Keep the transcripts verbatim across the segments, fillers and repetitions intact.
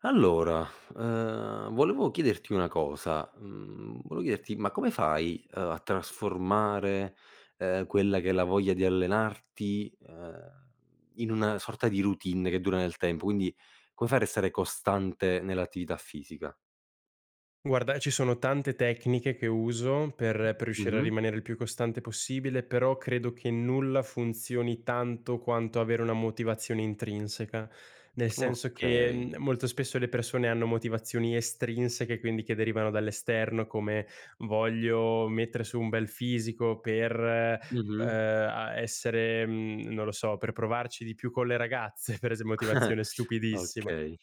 Allora, ehm, volevo chiederti una cosa, mhmm, voleo chiederti, ma come fai, uhm, a trasformare, ehm, quella che è la voglia di allenarti, uhm, in una sorta di routine che dura nel tempo, quindi, come fai a restare costante nell'attività fisica? Guarda, ci sono tante tecniche che uso per per riuscire a Mh-mh. rimanere il più costante possibile, però credo che nulla funzioni tanto quanto avere una motivazione intrinseca. Nel senso Okay. che, molto spesso le persone hanno motivazioni estrinseche quindi che derivano dall'esterno come: "Voglio mettere su un bel fisico per, uhm, Mh-mh. a essere, mhmm, non lo so, per provarci di più con le ragazze", per ese motivazione stupidissima, Okay.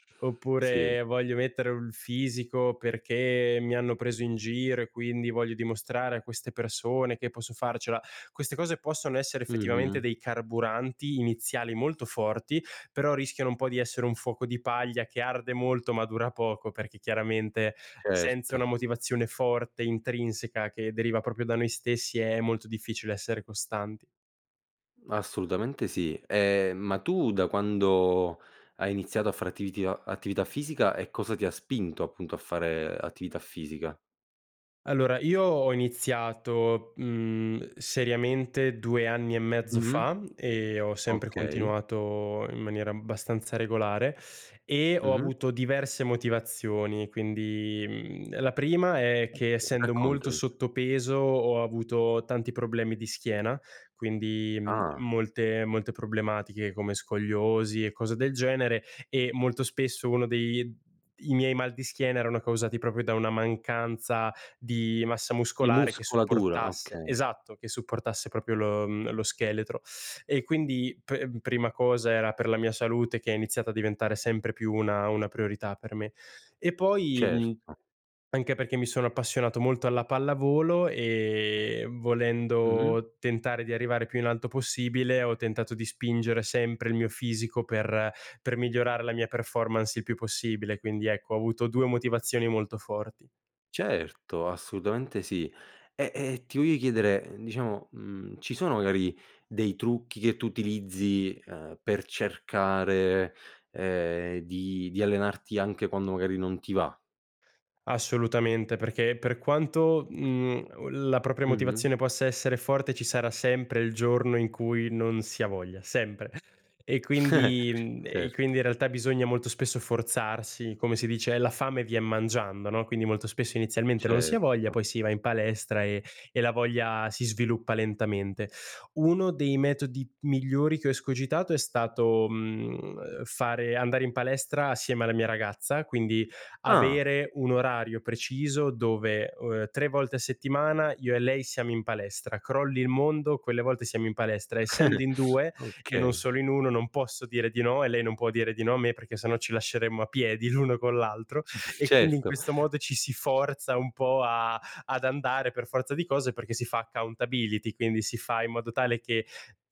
Sì. oppure: "Voglio mettere un fisico perché mi hanno preso in giro e quindi voglio dimostrare a queste persone che posso farcela". Queste cose possono essere effettivamente Mh-mh. dei carburanti iniziali molto forti, però rischiano un po' di essere un fuoco di paglia che arde molto ma dura poco, perché chiaramente senza una Certo. motivazione forte intrinseca che deriva propio da noi stessi è molto difficile essere costanti. Assolutamente sì. Ehm, ma tu da quando hai iniziato a fare attivitia attività fisica e cosa ti ha spinto appunto a fare attività fisica? Allora, io ho iniziato, mhmm, seriamente due anni e mezzo Mh-mh. fa e ho sempre Okay. continuato in maniera abbastanza regolare, e ho Mh-mh. avuto diverse motivazioni. Quindi, mhmm, la prima è Okay, che essendo molto raccontami. sottopeso ho avuto tanti problemi di schiena quindi Ah. molte molte problematiche come scoliosi e cose del genere e molto spesso uno dei i miei mal di schiena erano causati propio da una mancanza di massa Di muscolare che muscolatura, supportass okay. esatto! Che supportasse propio lo, uhm, lo scheletro e quindi p prima cosa era per la mia salute che ha iniziato a diventare sempre più una una priorità per me. E poi, mhmm, Certo. anche perché mi sono appassionato molto alla pallavolo e Mh-mh. volendo tentare di arrivare più in alto possibile ho tentato di spingere sempre il mio fisico per per migliorare la mia performance il più possibile, quindi ecco, ho avuto due motivazioni molto forti. Certo. Assolutamente sì. E e ti voio chiedere, diciamo, mhmm, ci sono magari dei trucchi che tu utilizzi, ehm, per cercare, ehm, di di allenarti anche quando magari non ti va. Assolutamente. Perché per quanto, mhmm, la propia Mh-mh. motivazione possa essere forte ci sarà sempre il giorno in cui non si ha voglia, sempre. E quindi e Certo. quindi in realtà bisogna molto spesso forzarsi, come si dice "la fame vien mangiando", no? Quindi molto spesso inizialmente non si ha voglia, Certo. poi si va in palestra e e la voglia si sviluppa lentamente. Uno dei metodi migliori che ho escogitato è stato, mhmm, fare andare in palestra assieme alla mia ragazza, quindi Ah. avere un orario preciso dove, uhm, tre volte a settimana io e lei siamo in palestra, crolli il mondo quelle volte siamo in palestra essendo in due e non Okay. solo in uno non posso dire di no e lei non può dire di no a me perché se no ci lasceremmo a piedi l'uno con l'altro, e quindi in Certo. questo modo ci si forza un po' a ad andare per forza di cose perché si fa accountability, quindi si fa in modo tale che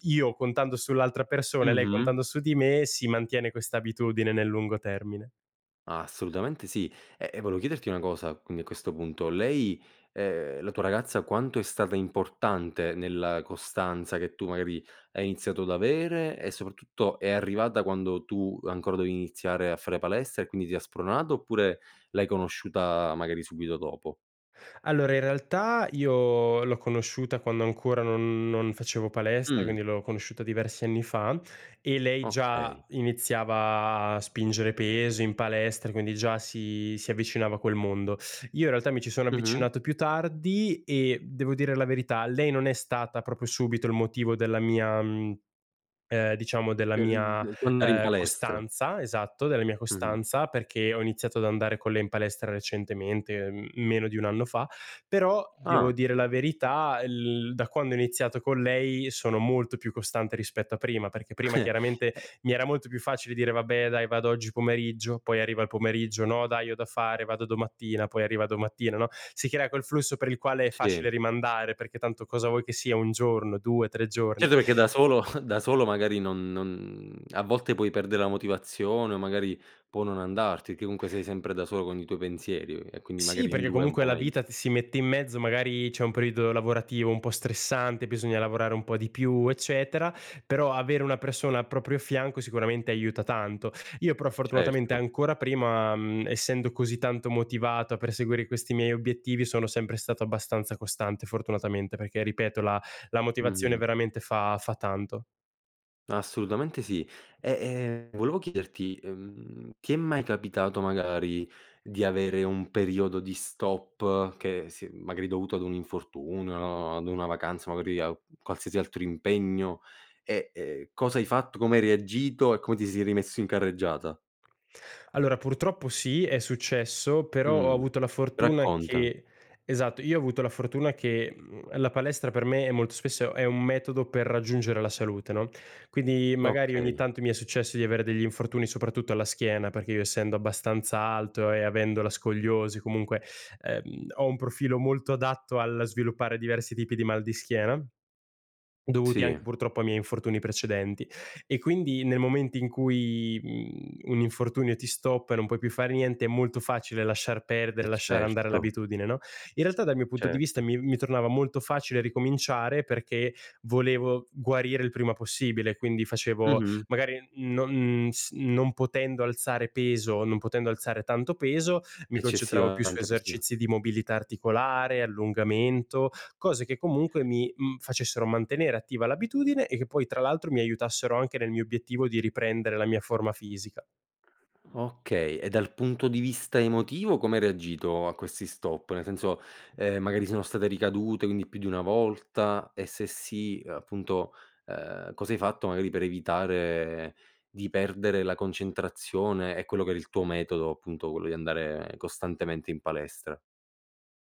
io contando sull'altra persona e lei Mh-mh. contando su di me si mantiene quest'abitudine nel lungo termine. Assolutamente sì. E e voleo chiederti una cosa, quindi a questo punto lei, ehm, la tua ragazza quanto è stata importante nella costanza che tu magari hai iniziato ad avere, e soprattutto è arrivata quando tu ancora dovevi iniziare a fare palestra e quindi ti ha spronato oppure l'hai conosciuta magari subito dopo? Allora, in realtà io l'ho conosciuta quando ancora non non facevo palestra, Mh. quindi l'ho conosciuta diversi anni fa. E lei Okay. già iniziava a spingere pesi in palestra, quindi già si si avvicinava a quel mondo. Io in realtà mi ci sono Mh-mh. avvicinato più tardi e devo dire la verità, lei non è stata propio subito il motivo della mia, mhmm, ehm, diciamo della Nel mia, nel tuo andare in ehm, palestra. costanza. Esatto, della mia Mh-mh. costanza. Perché ho iniziato ad andare con lei in palestra recentemente, m meno di un anno fa. Però devo Ah. dire la verità, l da quando ho iniziato con lei sono molto più costante rispetto a prima, perché prima chiaramente E mi era molto più facile dire: "Vabbè dai, vado oggi pomeriggio", poi arriva il pomeriggio: "No dai, ho da fare, vado domattina", poi arriva domattina, no? Si crea quel flusso per il quale è facile Sì. rimandare perché tanto cosa vuoi che sia un giorno, due, tre giorni. Certo, pecchè da solo da solo magari non non a volte puoi perdè la motivazione o magari può non andarti, che conque sei sempre da solo con i tuoi pensieri e quindi Sì, magari in perché due è un comunque po' la megli vita ti si mette in mezzo, magari c'è un periodo lavorativo un po' stressante, bisogna lavorare un po' di più, eccetera. Però avere una persona al proprio fianco sicuramente aiuta tanto. Io però fortunatamente Certo. ancora prima, mhmm, essendo così tanto motivato a perseguire questi miei obiettivi sono sempre stato abbastanza costante fortunatamente, perché ripeto la la motivazione Mh-mh. veramente fa fa tanto. Assolutamente sì. E e volevo chiederti, ehm, ti è mai capitato magari di avere un periodo di stop che si è magari dovuto ad un infortunio o ad una vacanza magari a qualsiasi altro impegno, e e cosa hai fatto, come hai reagito e come ti sei rimesso in carreggiata? Allora, purtroppo sì. È successo, però ho Mh. avuto la fortuna Raccontami. che esatto. Io ho avuto la fortuna che, mhmm, la palestra per me è molto spesso è un metodo per raggiungere la salute, no? Quindi magari ogni Okay. tanto mi è successo di avere degli infortuni, soprattutto alla schiena perché io essendo abbastanza alto e avendo la scoliosi comunque, ehm, ho un profilo molto adatto al sviluppare diversi tipi di mal di schiena dovuti Sì. anche purtroppo ai miei infortuni precedenti, e quindi nel momento in cui, mhmm, un infortunio ti stoppa e non puoi più fare niente è molto facile lasciar perdere, Eh lasciare andare certo. l'abitudine, no? In realtà dal mio punto di vista Certo. mi mi tornava molto facile ricominciare perché volevo g guarire il prima possibile quindi facevo Mh-mh. magari n non s non potendo alzare peso, non potendo alzare tanto peso, mi concentravo più su Eccessivamente [unintelligible] esercizi di mobilità articolare, allungamento, cose che comunque mi, mhmm, facessero mantenere attiva l'abitudine, e che poi tra l'altro mi aiutassero anche nel mio obiettivo di riprendere la mia forma fisica. Okay. E dal punto di vista emotivo come hai reagito a questi stop? Nel senso, ehm, magari sono state ricadute, quindi più di una volta e se sì, appunto, ehm, cos'hai fatto magari per evitare di perdere la concentrazione e quello che era il tuo metodo, appunto, quello di andare costantemente in palestra.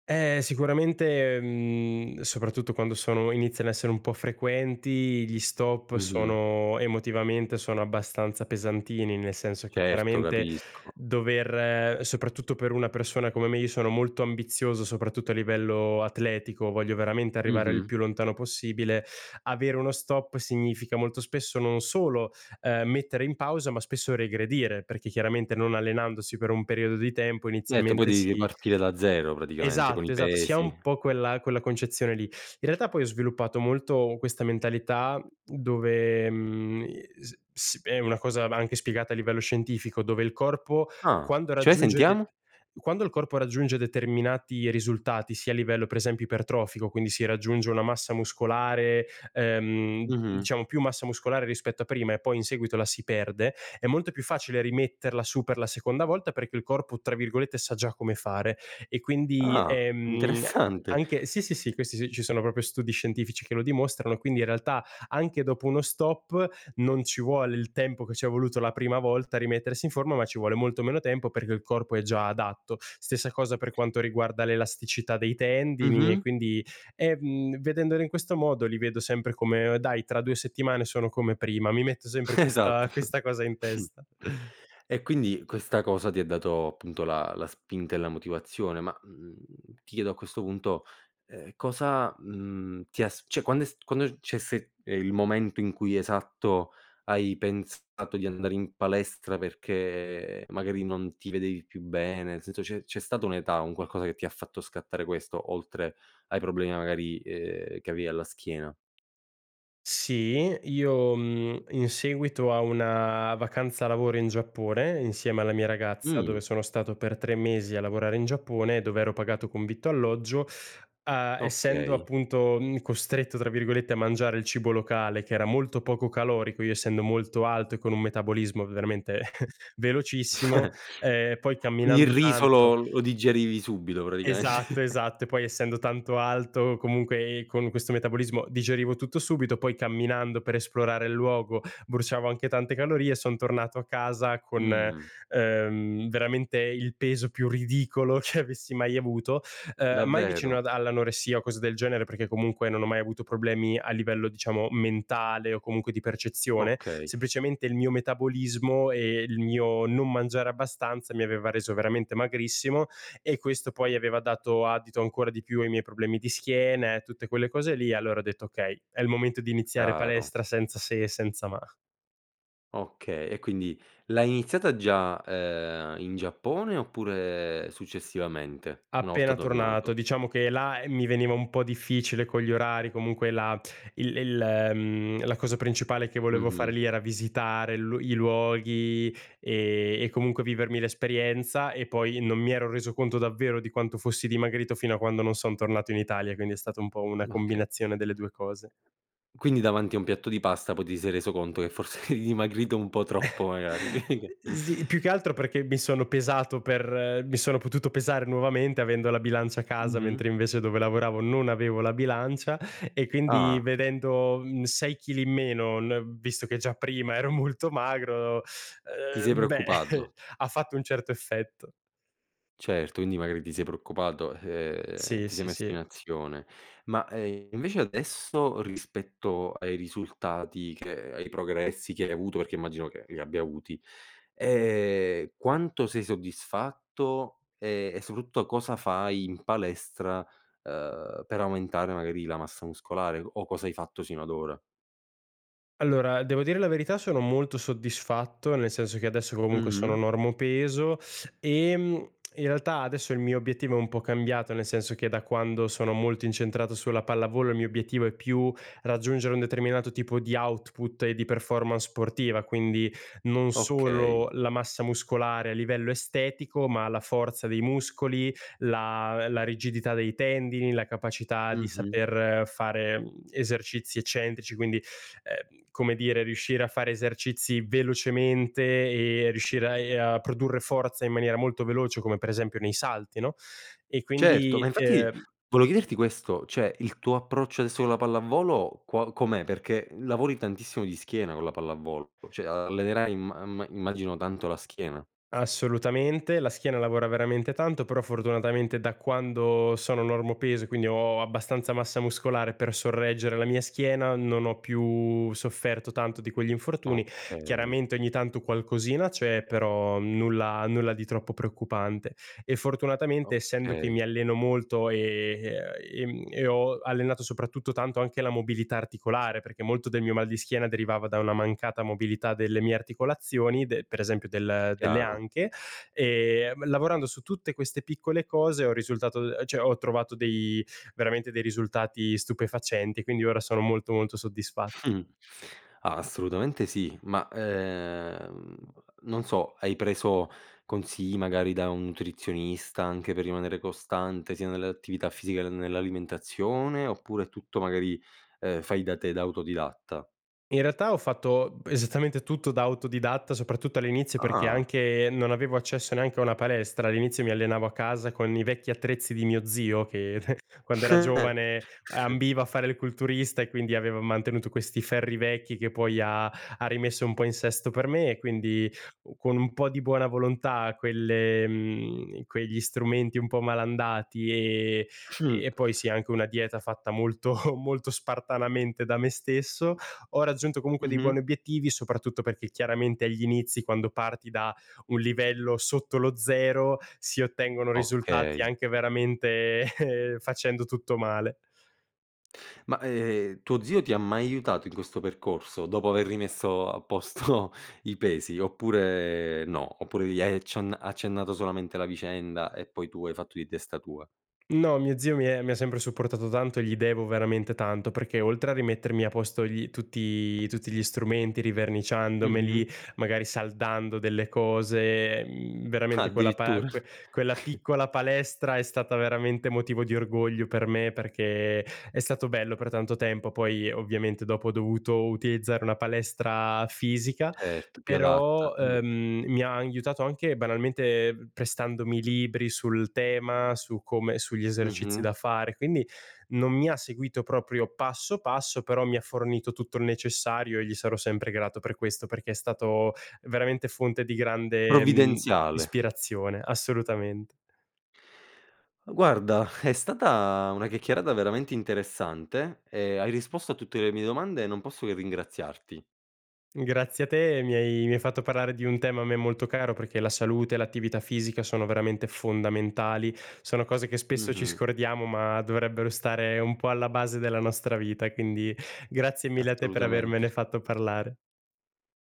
Eh, sicuramente, mhmm, soprattutto quando sono iniziano a essere un po' frequenti gli stop, Mh-mh. sono emotivamente sono abbastanza pesantini. Nel senso che Certo, chiaramente capisco. dover soprattutto per una persona come me, io sono molto ambizioso soprattutto a livello atletico voglio veramente arrivare il Mh-mh. più lontano possibile, avere uno stop significa molto spesso non solo, uhm, mettere in pausa ma spesso regredire, perché chiaramente non allenandosi per un periodo di tempo Certo poi inizialmente devi si ripartire da zero praticamente, con i Esatto, esatto. Si ha pesi. un po' quella quella concezione lì. In realtà poi ho sviluppato molto questa mentalità dove, mhmm, e s s è una cosa va anche spiegata a livello scientifico, dove il corpo Ah. quando Cioè, raggiunge de sentiamo. quando il corpo raggiunge determinati risultati, sia a livello per esempio ipertrofico, quindi si raggiunge una massa muscolare, ehm, Mh-mh. diciamo più massa muscolare rispetto a prima e poi in seguito la si perde, è molto più facile rimetterla su per la seconda volta perché il corpo, tra virgolette, "sa già come fare" e quindi, Ah. ehm, Interessante. anche sì, sì, sì. Questi ci sono propio studi scientifici che lo dimostrano, quindi in realtà anche dopo uno stop non ci vuole il tempo che ci è voluto la prima volta a rimettersi in forma, ma ci vuole molto meno tempo perché il corpo è già adatto. Stessa cosa per quanto riguarda l'elasticità dei tendini e Mh-mh. quindi, ehm, vedendolo in questo modo li vedo sempre come: "Dai, tra due settimane sono come prima". Mi metto sempre Esatto. questa questa cosa in testa. E quindi questa cosa ti ha dato appunto la la spinta e la motivazione, ma, mhmm, ti chiedo a questo punto, ehm, cosa, mhmm, ti ha s ceh quando è s quando, ceh se il momento in cui esatto hai pensato di andare in palestra perché magari non ti vedevi più bene, nel senso c'è c'è stata un'età, un qualcosa che ti ha fatto scattare questo, oltre ai problemi magari, ehm, che avevi alla schiena? Sì. Io, mhmm, in seguito a una vacanza lavoro in Giappone insieme alla mia ragazza, Mh. dove sono stato per tre mesi a lavorare in Giappone, dove ero pagato con vitto e alloggio a essendo Okay. appunto, mhmm, "costretto", tra virgolette a mangiare il cibo locale che era molto poco calorico, io essendo molto alto e con un metabolismo veramente velocissimo, ehm, poi Quindi il camminando riso lo tanto lo digerivi subito praticame Esatto, esatto. E poi essendo tanto alto comunque e con questo metabolismo, digerivo tutto subito poi camminando per esplorare il luogo bruciavo anche tante calorie, son tornato a casa con, Mh. ehm, veramente il peso più ridicolo che avessi mai avuto, uhm, mai vicino Davvero? ad all'anoressia o cose del genere perché comunque non ho mai avuto problemi a livello diciamo mentale o comunque di percezione, Okay. semplicemente il mio metabolismo e il mio non mangiare abbastanza mi aveva reso veramente magrissimo. E questo poi aveva dato adito ancora di più ai miei problemi di schiena e a tutte quelle cose lì, allora ho detto: "Okay, è il momento di iniziare Chiaro. palestra, senza se e senza ma". Okay. E quindi l'hai iniziata già, ehm, in Giappone oppure successivamente una volta Appena tornato? tornato. Diciamo che là, ehm, mi veniva un po' difficile con gli orari, comunque la il il mhmm, la cosa principale che volevo Mh-mh. fare lì era visitare l i luoghi e e comunque vivermi l'esperienza e poi non mi ero reso conto davvero di quanto fossi dimagrito fino a quando non son tornato in Italia, quindi è stata un po' una Okay. combinazione delle due cose. Quindi davanti a un piatto di pasta poi ti sei reso conto che forse eri dimagrito un po' troppo magari. Sì. Più che altro perché mi sono pesato per mi sono potuto pesare nuovamente, avendo la bilancia a casa, Mh-mh. mentre invece dove lavoravo non avevo la bilancia, e quindi Ah. vedendo, mhmm, sei chili in meno n visto che già prima ero molto magro, Ti uhm, sei beh, preoccupato. ha fatto un certo effetto. Certo. Quindi magari ti sei preoccupato. Ehm, Sì, ti sei sì, messo sì. in azione. Ma, ehm, invece adesso rispetto ai risultati che ai progressi che hai avuto perché immagino che li abbia avuti, ehm, quanto sei soddisfatto, ehm, e soprautto cosa fai in palestra, uhm, per aumentare magari la massa muscolare o cosa hai fatto sino ad ora. Allora, devo dire la verità, sono molto soddisfatto, nel senso che adesso comunque sono Mh-mh. normopeso. Ehm, in realtà adesso il mio obiettivo è un po' cambiato, nel senso che da quando sono molto incentrato sulla pallavolo, il mio obiettivo è più raggiungere un determinato tipo di output e di performance sportiva, quindi non Okay. solo la massa muscolare a livello estetico ma la forza dei muscoli la la rigidità dei tendini, la capacità di Mh-mh. saper fare esercizi eccentrici, quindi, ehm, come dire, riuscire a fare esercizi velocemente e riuscire a e a produrre forza in maniera molto veloce, come per esempio nei salti, no? E Certo. Ma quindi, infatti ehm voleo chiederti questo, ceh il tuo approccio adesso con la pallavolo qua com'è perché lavori tantissimo di schiena con la pallavolo, ceh allenerai imma imma immagino tanto la schiena. Assolutamente. La schiena lavora veramente tanto, però fortunatamente da quando sono normopeso, quindi ho abbastanza massa muscolare per sorreggere la mia schiena non ho più sofferto tanto di quegli infortuni. Okay. Chiaramente ogni tanto qualcosina c'è, però nulla nulla di troppo preoccupante e fortunatamente essendo che Okay. mi alleno molto e e ehm, e ho allenato soprattutto tanto anche la mobilità articolare, perché molto del mio mal di schiena derivava da una mancata mobilità delle mie articolazioni de per esempio del delle Chiaro. anche, ehm, lavorando su tutte queste piccole cose ho risultato ceh ho trovato dei veramente dei risultati stupefacenti e quindi ora sono molto, molto soddisfatto. Assolutamente sì. Ma, ehm, non so, hai preso consii magari da un nutrizionista, anche per rimanere costante, sia nelle attività fisica che nell'alimentazione, oppure è tutto magari, uhm, fai da te, da autodidatta? In realtà ho fatto esattamente tutto da autodidatta, soprattutto all'inizio perché Ah. anche non avevo accesso neanche a una palestra, all'inizio mi allenavo a casa con i vecchi attrezzi di mio zio che quando era giovane ambiva a fare il culturista, e quindi aveva mantenuto questi ferri vecchi che poi ha ha rimesso un po' in sesto per me, e quindi u con un po' di buona volontà, quelle, mhmm, quegli strumenti un po' malandati e e poi sì, anche una dieta fatta molto molto spartanamente da me stesso, ho raggiunto comunque dei Mh-mh. buoni obiettivi. Soprattutto perché chiaramente agli inizi, quando parti da un livello sotto lo zero, si ottengono risultati Okay. anche veramente facendo tutto male. Ma, ehm, tuo zio ti ha mai aiutato in questo percorso? Dopo aver rimesso a posto i pesi? Oppure no, oppure gli hai eccenna accennato solamente la vicenda e poi tu hai fatto di testa tua. No, mio zio mi è mi ha sempre supportato tanto, gli devo veramente tanto perché oltre a rimettermi a posto gli tutti tutti gli strumenti Mh-mh. riverniciandomeli, magari saldando delle cose, mhmm, veramente quella pal Addirittura. quella piccola palestra è stata veramente motivo di orgoglio per me, perché è stato bello per tanto tempo. Poi ovviamente dopo ho dovuto utilizzare una palestra fisica, Certo. Più adatta. però, Mh. uhm, mi ha aiutato anche banalmente prestandomi libri sul tema, su come sugli esercizi Mh-mh. da fare, quindi non mi ha seguito proprio passo passo però mi ha fornito tutto il necessario e gli sarò sempre grato per questo, perché è stato veramente fonte di grande, mhmm, Provvidenziale. ispirazione, assolutamente. Guarda, è stata una chiacchierata veramente interessante e hai risposto a tutte le mie domande e non posso che ringraziarti. Grazie a te, mi hai mi hai fatto parlare di un tema a me molto caro, perché la salute, l'attività fisica sono veramente fondamentali. Sono cose che spesso ci Mh-mh. scordiamo ma dovrebbero stare un po' alla base della nostra vita e quindi grazie mille a te per Assolutamente. avermene fatto parlare.